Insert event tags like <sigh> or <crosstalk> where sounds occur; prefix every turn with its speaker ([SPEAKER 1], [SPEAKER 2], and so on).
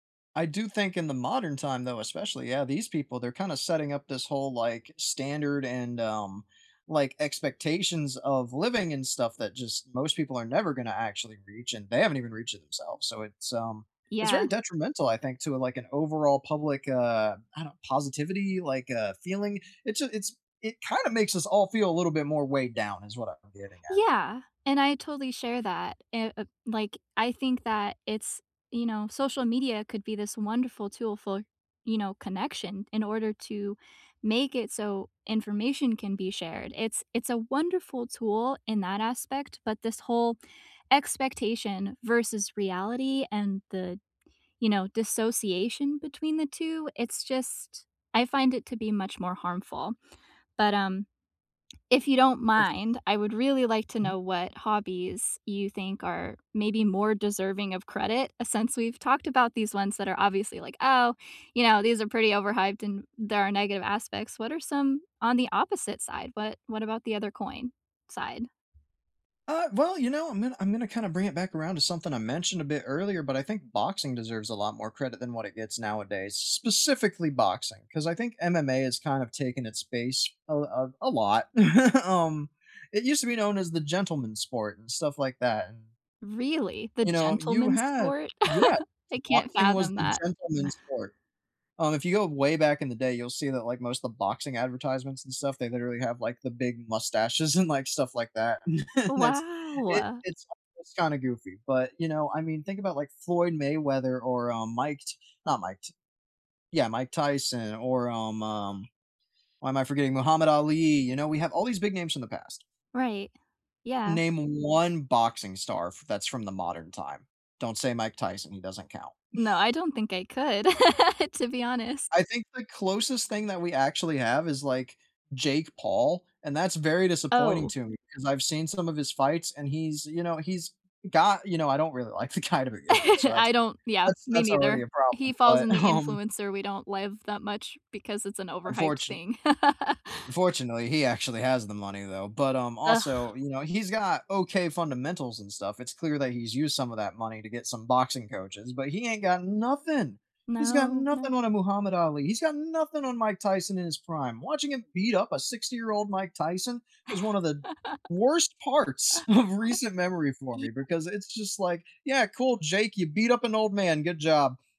[SPEAKER 1] I do think in the modern time, though, especially, yeah, these people, they're kinda setting up this whole, like, standard and, um, like, expectations of living and stuff that just most people are never gonna actually reach, and they haven't even reached it themselves. So, it's, um It's very
[SPEAKER 2] Yeah.
[SPEAKER 1] detrimental, I think, to, like, an overall public, uh I don't positivity, like, uh, feeling. It's j it's It kind of makes us all feel a little bit more weighed down is what I'm getting at.
[SPEAKER 2] Yeah, and I totally share that e uh, like, I think that it's You know, social media could be this wonderful tool for, you know, connection, in order to make it so information can be shared, it's it's a wonderful tool in that aspect, but this whole expectation versus reality, and the d you know, dissociation between the 2, it's just I find it to be much more harmful. But, um, if you don't
[SPEAKER 1] Of
[SPEAKER 2] mind, I would really like to
[SPEAKER 1] Mhm.
[SPEAKER 2] know what hobbies you think are maybe more deserving of credit, since we've talked about these ones that are obviously like, "Oh, you know, these are pretty overhyped and there are negative aspects." What are some on the opposite side, what what about the other coin side?
[SPEAKER 1] Uh, well, you know, I'm gonna I'm gonna kinda bring it back around to something I mentioned a bit earlier, but I think boxing deserves a lot more credit than what it gets nowadays, specifically boxing, 'cause I think MMA has kind of taken its base a l a a lot. <chuckles> Um, it used to be known as the gentleman's sport and stuff like that, and
[SPEAKER 2] Really? The
[SPEAKER 1] You know, you
[SPEAKER 2] gentleman's
[SPEAKER 1] had
[SPEAKER 2] sport? <laughs>
[SPEAKER 1] Yeah,
[SPEAKER 2] I can't
[SPEAKER 1] boxing was
[SPEAKER 2] fathom
[SPEAKER 1] the
[SPEAKER 2] that.
[SPEAKER 1] gentleman's sport. Um, if you go way back in the day, you'll see that, like, most the boxing advertisements and stuff, they literally have, like, the big mustaches and like stuff like that
[SPEAKER 2] Oh,
[SPEAKER 1] <chuckles> that's it
[SPEAKER 2] wow.
[SPEAKER 1] it's a it's kind of goofy, but, you know, I mean, think about, like, Floyd Mayweather or, um, Mike T not Mike T Yeah, Mike Tyson or, um, um Why am I forgetting Muhammad Ali! You know, we have all these big names from the past.
[SPEAKER 2] Right. Yeah.
[SPEAKER 1] Name 1 boxing star f that's from the modern time. Don't say Mike Tyson, he doesn't count.
[SPEAKER 2] No, I
[SPEAKER 1] <chuckles>
[SPEAKER 2] don't think I could, <laughs> to be honest.
[SPEAKER 1] I think the closest thing that we actually have is, like, Jake Paul, and that's very disappointing
[SPEAKER 2] Oh.
[SPEAKER 1] to me, 'cause I've seen some of his fights and he's, you know he's got You know, I don't really like the guy to
[SPEAKER 2] <laughs>
[SPEAKER 1] begin with, so, that's
[SPEAKER 2] I don't Yeah,
[SPEAKER 1] that's
[SPEAKER 2] me
[SPEAKER 1] that's already
[SPEAKER 2] neither.
[SPEAKER 1] a problem,
[SPEAKER 2] He falls
[SPEAKER 1] but,
[SPEAKER 2] in the
[SPEAKER 1] um
[SPEAKER 2] influencer we don't love that much because it's an overhyped
[SPEAKER 1] Unfortun
[SPEAKER 2] thing. <laughs>
[SPEAKER 1] Unfortunately, he actually has the money, though, but, um, also,
[SPEAKER 2] Ugh.
[SPEAKER 1] you know, he's got okay fundamentals and stuff. It's clear that he's used some of that money to get some boxing coaches, but he ain't got nothing. He's got
[SPEAKER 2] No.
[SPEAKER 1] nothing on
[SPEAKER 2] No.
[SPEAKER 1] a Muhammad Ali; he's got nothing on Mike Tyson in his prime. Watching him beat up a 60 year old Mike Tyson was one of the worst parts
[SPEAKER 2] <laughs>
[SPEAKER 1] of recent memory for me, because
[SPEAKER 2] Yes.
[SPEAKER 1] it's just like, "Yeah, cool, Jake, you beat up an old man. Good job."